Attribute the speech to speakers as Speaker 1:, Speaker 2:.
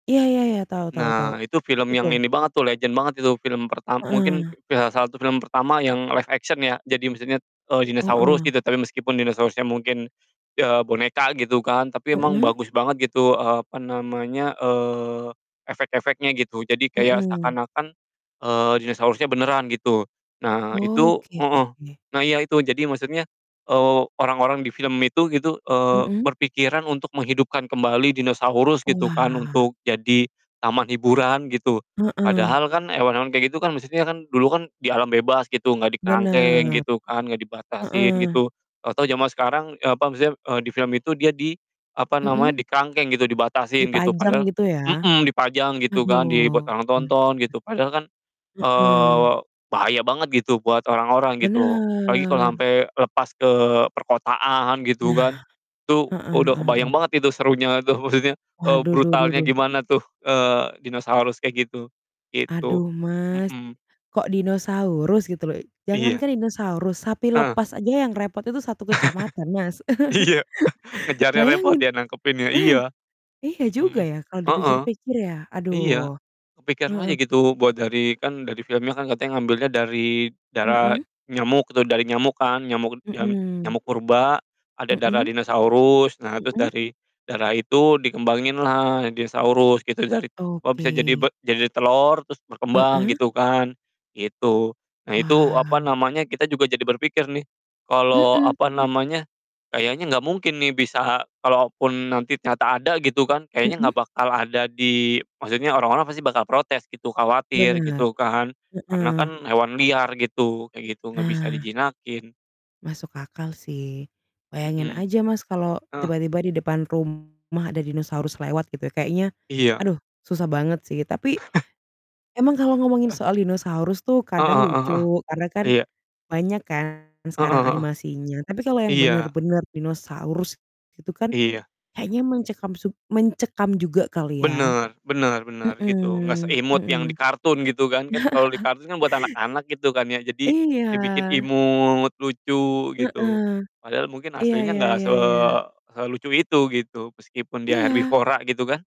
Speaker 1: Iya iya iya, tahu tahu tahu,
Speaker 2: Nah itu film
Speaker 1: itu?
Speaker 2: yang ini banget tuh legend banget itu, film perta mungkin
Speaker 1: Heeh.
Speaker 2: iya salah satu film pertama yang live action ya, jadi misalnya d eee, dinosaurus
Speaker 1: Heeh.
Speaker 2: gitu, tapi meskipun dinosaurusnya mungkin iya boneka gitu kan, tapi emang
Speaker 1: Heeh.
Speaker 2: bagus banget gitu, eee, apa namanya, eee, efek-efeknya gitu. Jadi kayak
Speaker 1: Mhm.
Speaker 2: seakan-akan, eee, dinosaurusnya benaran gitu. Nah
Speaker 1: Oh,
Speaker 2: itu
Speaker 1: gitu
Speaker 2: heeh,
Speaker 1: sih.
Speaker 2: nah iya itu. Jadi maksudnya, eee, orang-orang di film itu gitu, eee,
Speaker 1: Mhm.
Speaker 2: berpikiran untuk menghidupkan kembali dinosaurus gitu kan
Speaker 1: Wah.
Speaker 2: untuk jadi taman hiburan gitu
Speaker 1: Heeh.
Speaker 2: padahal kan hewan-hewan kayak gitu kan, maksudnya kan, dulu kan di alam bebas gitu, enggak dikerangkeng
Speaker 1: Benar.
Speaker 2: gitu kan, enggak dibatasin
Speaker 1: Heeh.
Speaker 2: gitu, tau-tau jaman sekarang, eee, apa, maksudnya, eee, di film itu dia di, apa
Speaker 1: Mhm.
Speaker 2: namanya, dikerangkeng gitu, dibatasin gitu
Speaker 1: Dipajang
Speaker 2: padahal
Speaker 1: gitu ya?
Speaker 2: mhm, dipajang gitu kan, dibuat
Speaker 1: Aduh.
Speaker 2: orang tonton gitu padahal kan, eee, wa
Speaker 1: Heeh.
Speaker 2: bahaya banget gitu buat orang-orang gitu apalagi kalo
Speaker 1: Benar.
Speaker 2: ampe lepas ke perkotaan gitu
Speaker 1: Nah.
Speaker 2: kan. Itu
Speaker 1: Heeh
Speaker 2: udah
Speaker 1: heeh
Speaker 2: kebayang
Speaker 1: heeh.
Speaker 2: banget itu serunya itu maksudnya, eee,
Speaker 1: Waduh, duh duh
Speaker 2: brutalnya
Speaker 1: duh.
Speaker 2: gimana tuh, eee, dinosaurus kayak gitu, gitu.
Speaker 1: Aduh, Mas,
Speaker 2: Mhm.
Speaker 1: kok dinosaurus gitu loh i
Speaker 2: Iya.
Speaker 1: jangankan dinosaurus, sapi
Speaker 2: Heeh.
Speaker 1: lepas aja yang repot itu satu kecamatan, Mas.
Speaker 2: Iya ngejarnya repot
Speaker 1: Bayangin
Speaker 2: ya nangkepinnya,
Speaker 1: nah,
Speaker 2: iya.
Speaker 1: iya
Speaker 2: Mhm
Speaker 1: juga
Speaker 2: hmm.
Speaker 1: ya kalau
Speaker 2: Heeh.
Speaker 1: dipikir-pikir ya,
Speaker 2: Iya
Speaker 1: aduh.
Speaker 2: kepikiran aja
Speaker 1: Heeh.
Speaker 2: gitu buat dari kan dari filmnya kan katanya ngambilnya dari darah
Speaker 1: Mhm.
Speaker 2: nyamuk tuh, dari nyamuk kan, nyamuk jam
Speaker 1: Mhm.
Speaker 2: nyamuk purba, ada darah
Speaker 1: Mhm.
Speaker 2: dinosaurus, nah terus
Speaker 1: Mhm.
Speaker 2: dari darah itu dikembanginlah dinosaurus gitu dari oh, bisa jadi b
Speaker 1: Oke.
Speaker 2: jadi telor terus berkembang
Speaker 1: Heeh.
Speaker 2: gitu kan, gitu. Nah itu, apa
Speaker 1: Wah.
Speaker 2: namanya, kita juga jadi berpikir nih, kalau,
Speaker 1: Mhm.
Speaker 2: apa namanya, kayaknya enggak mungkin nih bisa kalaupun nanti ternyata ada, gitu kan, kayaknya enggak
Speaker 1: Mhm.
Speaker 2: bakal ada di maksudnya, orang-orang pasti bakal protes, gitu, khawatir.
Speaker 1: Benar.
Speaker 2: Gitu kan karena
Speaker 1: Heeh.
Speaker 2: kan hewan liar gitu, kayak gitu, enggak bisa
Speaker 1: Nah
Speaker 2: dijinakin
Speaker 1: Masuk akal sih. Bayangin
Speaker 2: Mhm.
Speaker 1: aja, Mas, kalau
Speaker 2: Heeh.
Speaker 1: tiba-tiba di depan rumah ada dinosaurus lewat gitu kayaknya
Speaker 2: Iya.
Speaker 1: aduh susah banget sih, tapi emang kalau ngomongin soal dinosaurus tuh
Speaker 2: Heeh
Speaker 1: kadang
Speaker 2: heeh
Speaker 1: lucu
Speaker 2: heeh.
Speaker 1: karena kan
Speaker 2: Iya.
Speaker 1: banyak kan sekarang
Speaker 2: Heeh heeh.
Speaker 1: animasinya, tapi kalau yang
Speaker 2: Iya.
Speaker 1: benar-benar dinosaurus gitu kan
Speaker 2: Iya.
Speaker 1: kayaknya mengcekam sub mencekam juga kali ya.
Speaker 2: Bener, benar benar gitu, enggak
Speaker 1: Mhm
Speaker 2: seimut
Speaker 1: mhm.
Speaker 2: yang di kartun gitu kan, kan kalau di kartun kan buat anak-anak gitu kan ya. Jadi
Speaker 1: Iya.
Speaker 2: dibikin imut, lucu gitu,
Speaker 1: Heeh.
Speaker 2: padahal mungkin
Speaker 1: Iya
Speaker 2: aslinya
Speaker 1: iya
Speaker 2: enggak se
Speaker 1: iya iya.
Speaker 2: selucu itu gitu, meskipun dia
Speaker 1: Iya.
Speaker 2: herbivora gitu kan.